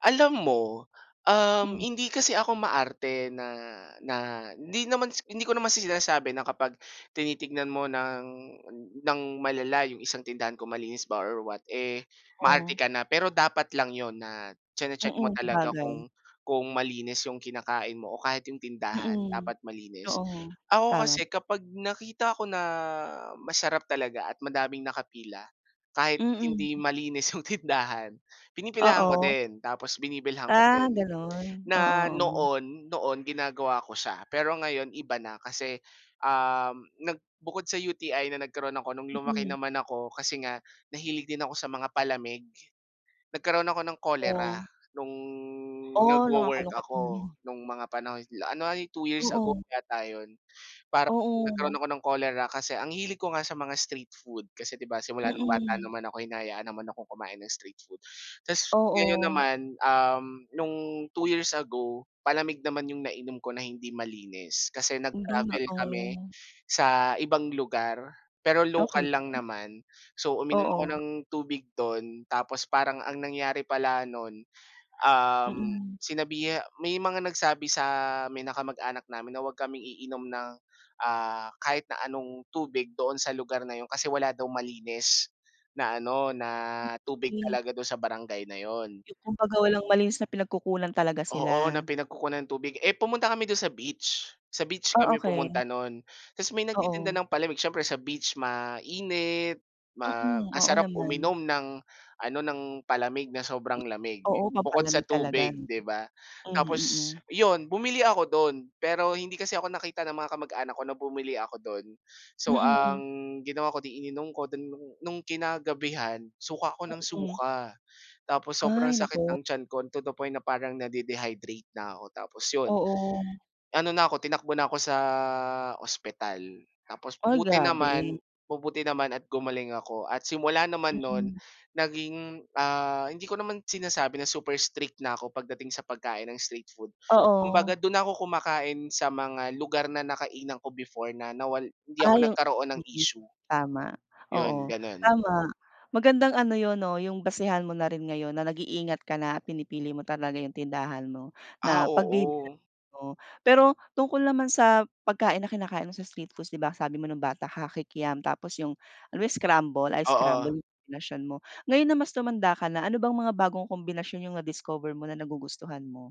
Alam mo, um, Hmm. hindi kasi ako maarte na na hindi naman sa hindi ko naman sinasabi na kapag tinitignan mo ng ng malala 'yong isang tindahan kung malinis ba or what, eh, maarte Oh. ka na. Pero dapat lang 'yon na chine-check mo Mm, talaga sabagay. kung kung malinis 'yong kinakain mo o kahit 'yong tindahan Mm, dapat malinis. oo, Ako tama. kasi kapag nakita ko na masarap talaga at madaming nakapila kahit hindi Mm. malinis 'yong tindahan pinipilahan ko Oo. din tapos binibilhan ko Ah, din. ganon, Na oo, oo. noon noon ginagawa ko siya pero ngayon iba na kasi, um, nag bukod sa UTI na nagkaroon ako, no'ng lumaki Mm. naman ako kasi nga nahilig din ako sa mga palamig. Nagkaroon ako ng cholera Oh. nung Oh, nagwo-work nakakalungkot. ako, Mhm. nung mga panahon la ano nga 'yon 2 years ago Oo. yata 'yon. Parang nagkaroon Oo. ako ng cholera kasi ang hilig ko nga sa mga street food kasi di ba, simula nung bata Mm. naman ako hinahayaan naman akong kumain ng street food. Tapos ngayon Oo. naman, um, nung 2 years ago, palamig naman 'yong nainom ko na hindi malinis kasi Hindi nga, nag-travel kami oh. sa ibang lugar pero local Okey. lang naman. So, uminom ako Oo. ng tubig do'n tapos parang ang nangyari pala no'n, um, Mm. sinabiha may mga nagsabi sa may na kamag-anak namin na 'wag kaming iinom ng, uh, kahit na anong tubig doon sa lugar na 'yon kasi wala daw malinis na ano na Hmm, tubig okey. talaga daw sa barangay na 'yon. Yung kumbaga walang malinis na pinagkukunan talaga Oo, na sila. pinagkukunan ng tubig, eh, pumunta kami dun sa beach. Sa beach Oh, kami pumunta okey. no'n tapos may nagtitinda Oo. ng palamig siyempre sa beach mainit, ma Mm, ang oo sarap naman. uminom ng ano, ng palamig na sobrang lamig Oo, bukod sa pampalamig talaga tubig, no. 'di ba? Mhm, Tapos mm. 'yon, bumili ako do'n pero hindi kasi ako nakita ng mga kamag-anak ko na bumili ako dun. So, ang Mm. ginawa ko, eh, 'di ininom ko dun. Nung kinagabihan, suka ako nang Mm. suka. Tapos sobrang Ay, sakit naku. ng tiyan ko to the point na parang na-de-dehydrate na ako tapos 'yon, Oo. ano na 'ko tinakbo na 'ko sa ospital tapos Ay, buti naman grabe. mabumuti naman at gumaling ako. At simula naman nun Mm. naging, ah, hindi ko naman sinasabi na super strict na ako pagdating sa pagkain ng street food, Oo. kumbaga dun na ako kumakain sa mga lugar na nakainan ko before na nawal hindi ako Ah, yung, nagkaroon ng mm. issue. Tama, 'Yon. oo Ganon. tama. Magandang ano 'yon, oh, yung basehan mo na rin ngayon na nag-iingat ka na pinipili mo talaga yung tindahan mo Ah, na pagbibilhan oo. mo. Pero tungkol naman sa pagkain na kinakain mo sa street foods di ba, sabi mo nung bata ka, Kikiam, tapos yung, ano yun scramble? Ice scramble Oo. yung kombinasyon mo. Ngayon na mas tumanda ka na, ano bang mga bagong kombinasyon yung na-discover mo na nagugustuhan mo?